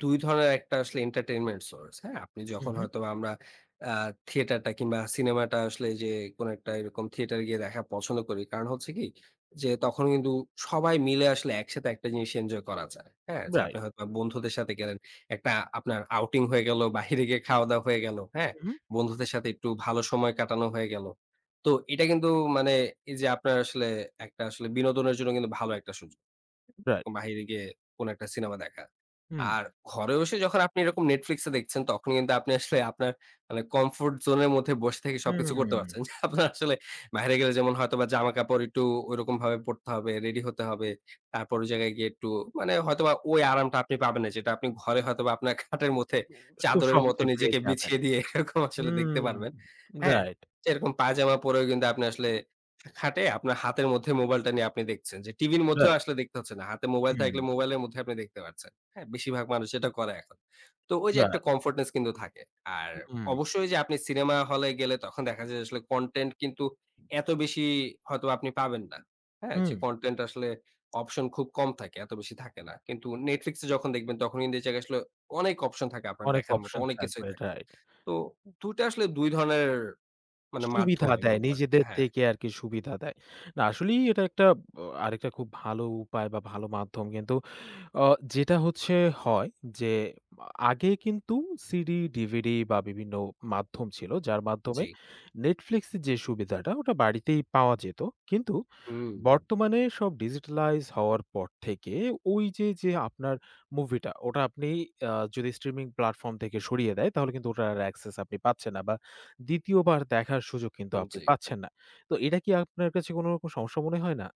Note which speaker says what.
Speaker 1: ২ ধরনের একটা আসলে entertainment source হ্যাঁ। আপনি যখন
Speaker 2: উহু।
Speaker 1: হয়তো আমরা আ থিয়েটারটা কিংবা সিনেমাটা আসলে এই যে কোনো একটা এরকম থিয়েটার গিয়ে দেখা পছন্দ করি। কারণ হচ্ছে কি, যে তখন কিন্তু সবাই মিলে আসলে একসাথে একটা জিনিস এনজয় করা যায়। হ্যাঁ? যে
Speaker 2: রাইট।
Speaker 1: আপনি হয়তো বন্ধুদের সাথে গেলেন, একটা আপনার outing হয়ে গেল, বাইরে গিয়ে খাওয়া-দাওয়া হয়ে গেল। হ্যাঁ,
Speaker 2: উহু।
Speaker 1: বন্ধুদের সাথে একটু ভালো সময় কাটানো হয়ে গেল। তো এটা কিন্তু মানে এই যে আপনার আসলে একটা আসলে বিনোদনের জন্য কিন্তু ভালো একটা সুযোগ,
Speaker 2: রাইট।
Speaker 1: এরকম বাইরে গিয়ে কোনো একটা সিনেমা দেখা।
Speaker 2: হুম।
Speaker 1: আর ঘরে বসে যখন আপনি এরকম Netflix এ দেখছেন, তখন কিন্তু আপনি আসলে আপনার মানে comfort zone এর মধ্যে বসে থেকে সবকিছু করতে পারছেন।
Speaker 2: উম
Speaker 1: যে আপনার আসলে বাইিরে গেলে যেমন হয়তোবা জামাকাপড় একটু ঐরকমভাবে পরতে হবে, রেডি হতে হবে। তারপর ওই জায়গায় গিয়ে একটু মানে হয়তোবা ওই আরামটা আপনি পাবেন না, যেটা আপনি ঘরে হয়তোবা আপনার খাটের মধ্যে
Speaker 2: খুব
Speaker 1: চাদরের মতো
Speaker 2: সহজেই পেয়ে
Speaker 1: নিজেকে
Speaker 2: যাবেন,
Speaker 1: বিছিয়ে দিয়ে এরকম আসলে দেখতে
Speaker 2: উম
Speaker 1: পারবেন। হ্যাঁ,
Speaker 2: রাইট।
Speaker 1: যে রকম পায়জামা পরেও কিন্তু আপনি আসলে খাটে আপনার হাতের মধ্যে মোবাইলটা নিয়ে আপনি দেখছেন। যে টিভির মধ্যেও
Speaker 2: রাইট।
Speaker 1: আসলে দেখতে হচ্ছে না, হাতে মোবাইল থাকলে
Speaker 2: হু।
Speaker 1: মোবাইলের মধ্যে আপনি দেখতে পাচ্ছেন। হ্যাঁ, বেশিরভাগ মানুষ এটা করে এখন। তো ওই যে একটা
Speaker 2: রাইট।
Speaker 1: comfortness কিন্তু থাকে। আর
Speaker 2: হুম।
Speaker 1: অবশ্যই যে আপনি সিনেমা হলে গেলে তখন দেখা যায় যে আসলে content কিন্তু এত বেশি হয়তো বা আপনি পাবেন না। হ্যাঁ, যে
Speaker 2: উম
Speaker 1: content আসলে অপশন খুব কম থাকে, এত বেশি থাকে না। কিন্তু Netflix এ যখন দেখবেন, তখন কিন্তু এই জায়গায় আসলে অনেক অপশন থাকে আপনার
Speaker 2: অনেক
Speaker 1: দেখার মতো
Speaker 2: অপশন
Speaker 1: অনেক কিছুই
Speaker 2: থাকবে
Speaker 1: থাকে।
Speaker 2: রাইট।
Speaker 1: তো ২ টা আসলে ২ ধরনের মানে মাধ্যম
Speaker 2: সুবিধা
Speaker 1: আমি
Speaker 2: দেয়,
Speaker 1: বলবো আরকি।
Speaker 2: নিজেদের
Speaker 1: হ্যাঁ।
Speaker 2: থেকে আরকি সুবিধা দেয়। না আসলেই এটা একটা অ আরেকটা খুব ভালো উপায় বা ভালো মাধ্যম। কিন্তু আ যেটা হচ্ছে হয় যে আগে কিন্তু সিডি, ডিভিডি বা বিভিন্ন মাধ্যম ছিল, যার মাধ্যমে
Speaker 1: জি।
Speaker 2: Netflix এ যে সুবিধাটা, ওটা বাড়িতেই পাওয়া যেত। কিন্তু
Speaker 1: হুম।
Speaker 2: বর্তমানে সব digitalized হওয়ার পর থেকে ওই যে, যে আপনার মুভিটা, ওটা আপনি আ যদি streaming platform থেকে সরিয়ে দেয়, তাহলে কিন্তু ওটা access আপনি পাচ্ছেন না। বা ২য় বার দেখার সুযোগ কিন্তু
Speaker 1: উম
Speaker 2: আপনি
Speaker 1: জি।
Speaker 2: পাচ্ছেন না। তো এটা কি আপনার কাছে কোনো রকম সমস্যা মনে হয় না?